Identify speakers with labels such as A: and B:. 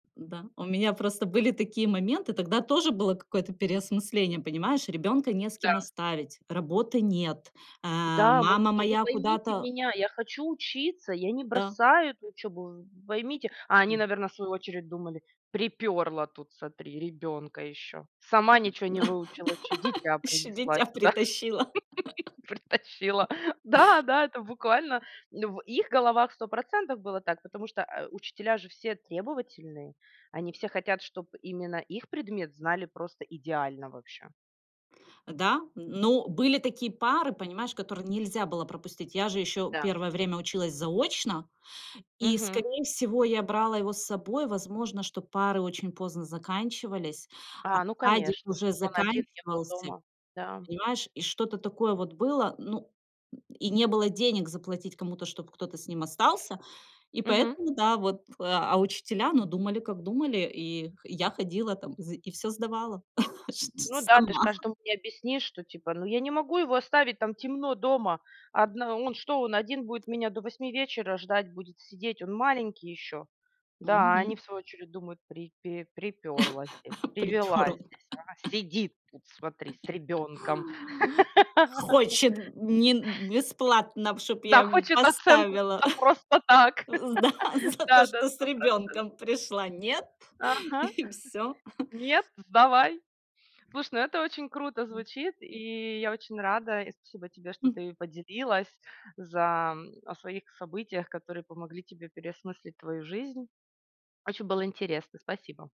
A: Н-да. У меня просто были такие моменты, тогда тоже было какое-то переосмысление, понимаешь, ребёнка не с кем
B: Да.
A: оставить, работы нет, а,
B: Да, мы вот
A: мама
B: типа: "Вы
A: моя
B: поймите
A: куда-то
B: меня, я хочу учиться, я не
A: Да.
B: бросаю эту учебу, вы поймите". А они,
A: М.
B: наверно, в свою очередь думали: "Припёрло тут, смотри, ребенка ещё. Сама ничего не выучила, ещё дитя
A: Ещё
B: принесла
A: дитя
B: сюда,
A: притащила.
B: притащила". Да, да, это буквально, ну, в их головах 100 % было так, потому что, а, учителя же все требовательные, они все хотят, чтоб именно их предмет знали просто идеально вообще.
A: Да, но были такие пары, понимаешь, которые нельзя было пропустить. Я же ещё
B: Да.
A: первое время училась заочно, и
B: Мгм.
A: скорее всего, я брала его с собой. Возможно, что пары очень поздно заканчивались, а
B: А, ну
A: садик
B: конечно.
A: уже
B: Чтоб он один не был
A: заканчивался,
B: дома. Да, м.
A: понимаешь, и что-то такое вот было. Ну, м, и не было денег заплатить кому-то, чтоб кто-то с ним остался, и
B: Мгм.
A: поэтому да, вот. А учителя, ну, думали, как думали, и х я ходила там зы и всё сдавала чт ч
B: Ну да, ты ж
A: сама.
B: каждому не объяснишь, что, типа: "Ну, я не могу его оставить, там темно дома. Одна он что, он один будет меня до 8 вечера ждать, будет сидеть? Он маленький ещё?" Да, а они в
A: Мгм.
B: свою очередь думают: "Припе припёрлась те привилась
A: Припёрло.
B: здесь, а сидит тут, смотри, с ребёнком".
A: "Хочет, м, нин бесплатно, чтоб я
B: Да,
A: ему
B: хочет оценку н
A: поставила.
B: за просто так.
A: Э, зда за то,
B: Да-да,
A: что с
B: 100 %.
A: ребёнком пришла. Нет,
B: Ага.
A: и всё".
B: "Нет, сдавай". Слушай, ну, это очень круто
A: М.
B: звучит, и я очень рада, и спасибо тебе, что
A: М.
B: ты поделилась. За, м, о своих событиях, которые помогли тебе переосмыслить твою жизнь. Очень было интересно. Спасибо.